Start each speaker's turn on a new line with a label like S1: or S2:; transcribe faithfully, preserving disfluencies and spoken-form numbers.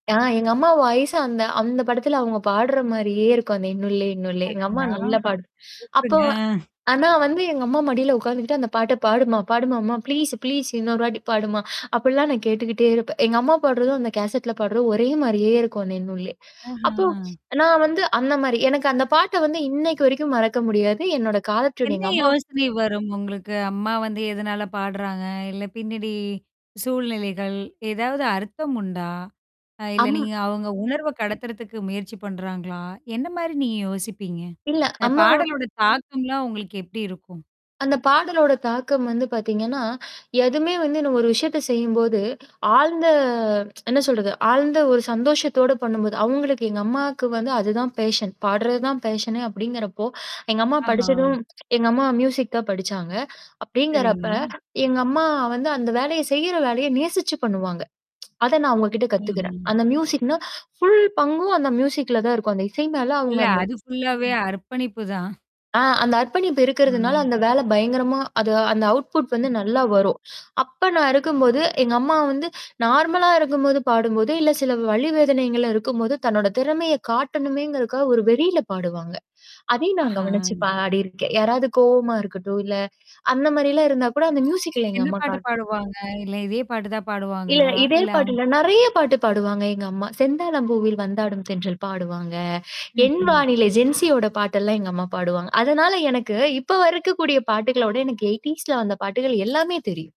S1: ஆ எங்க அம்மா வாயசா அந்த அந்த படத்துல அவங்க பாடுற மாரியே இருக்கும். அந்த "இன்னொல்லே, இன்னுல்ல" எங்க அம்மா
S2: அடடா!
S1: நல்ல பாடு அப்போ
S2: கூப்புடுங்க.
S1: வ ஆனா வந்து எங்க அம்மா மடியில உட்கார்ந்துக்கிட்டு அந்த பாட்ட பாடுமா பாடும்மா ப்ளீஸ் ப்ளீஸ் இன்னொரு வாட்டி பாடுமா அப்படிலாம் நான் கேட்டுக்கிட்டே இருப்பேன். எங்க அம்மா பாடுறதும், அந்த கேசட்ல பாடுறதும் ஒரே மாரியே இருக்கும் அந்த என்னுல்லே. அப்போ
S2: அஹம்.
S1: நான் வந்து அந்த மாரி எனக்கு அந்த பாட்ட வந்து இன்னைக்கு வரைக்கும் மறக்க முடியாது. என்னோட காலர்டியூன்
S2: என்ன
S1: எங்க அம்மா
S2: யோசனை வரும். உங்களுக்கு அம்மா வந்து எதனால பாடுறாங்க? இல்ல பின்னாடி சூழ்நிலைகள். ஏதாவது அர்த்தம் உண்டா? அ இல்ல
S1: ஆமா.
S2: நீங்க அவங்க உணர்வ கடத்துறதுக்கு முயற்சி பண்றாங்களா? என்ன மாரி நீங்க யோசிப்பீங்க?
S1: இல்ல.
S2: அந்த
S1: அம்மா
S2: பாடலோட தாக்கம்லாம் உங்களுக்கு எப்படி இருக்கும்?
S1: அந்த பாடலோட தாக்கம் வந்து பார்த்தீங்கன்னா, எதுவுமே வந்து இன்னும் ஒரு விஷயத்த செய்யும்போது ஆழ்ந்த என்ன சொல்றது, ஆழ்ந்த ஒரு சந்தோஷத்தோடு பண்ணும்போது அவங்களுக்கு எங்க அம்மாக்கு வந்து அதுதான் ஃபேஷன். பாடுறது தான் ஃபேஷனே அப்படிங்கிறப்போ, எங்க அம்மா
S2: ஆஹா.
S1: படிச்சதும் எங்க அம்மா மியூசிக் தான் படிச்சாங்க. அப்படிங்கிறப்ப,
S2: சரிங்க.
S1: எங்க அம்மா வந்து அந்த வேலைய செய்யற வேலைய நேசிச்சு பண்ணுவாங்க. அத நான் அவங்க கிட்ட கத்துக்கிறேன்.
S2: ம்ஹ்ம்.
S1: அந்த மியூசிக்னா ஃபுல் பங்கும் அந்த மியூசிக்ல தான் இருக்கும். அந்த இசை மேல
S2: இல்ல.
S1: அவுங்க அந்த
S2: அது ஃபுல்லாவே அர்ப்பணிப்பு தான்.
S1: ஆ அந்த அர்ப்பணிப்பு இருக்கிறதுனால
S2: ம்.
S1: அந்த வேல பயங்கரமா அது அந்த அவுட்புட் வந்து
S2: ம்.
S1: நல்லா வரும். அப்ப நான் இருக்கும்போது, எங்க அம்மா வந்து நார்மலா இருக்கும்போது பாடும்போது, இல்ல சில வலி வேதனைகள்ல இருக்கும்போது, தன்னோட திறமைய காட்டணுமேங்கிறதுக்காக ஒரு வெறியில பாடுவாங்க. அதையும் நான்
S2: ஆஹா.
S1: கவனிச்சு
S2: ம்.
S1: பாடியிருக்கேன். யாராவது கோவமா இருக்கட்டும், இல்ல அந்த மாரிலாம் இருந்தா கூட அந்த மியூசிக்ல எங்க
S2: என்ன
S1: அம்மா
S2: பாட்டு
S1: காட்டு
S2: பாடுவாங்க? இல்ல இதே பாட்டு தான்
S1: இல்ல
S2: பாடுவாங்களா?
S1: இதே
S2: இல்ல
S1: பாட்டு
S2: அவுங்
S1: இல்ல நெறைய பாட்டு பாடுவாங்க எங்க அம்மா. "செந்தாழம் பூவில் வந்தாடும் தென்றல்" பாடுவாங்க. என்
S2: ம்ஹ்ம்.
S1: வானிலை ஜென்சியோட பாட்டெல்லாம் எங்க அம்மா பாடுவாங்க. அதனால எனக்கு இப்ப வரைக்கக்கூடிய பாட்டுகளோட எனக்கு எய்ட்டீஸ்ல வந்த பாட்டுகள் எல்லாமே தெரியும்.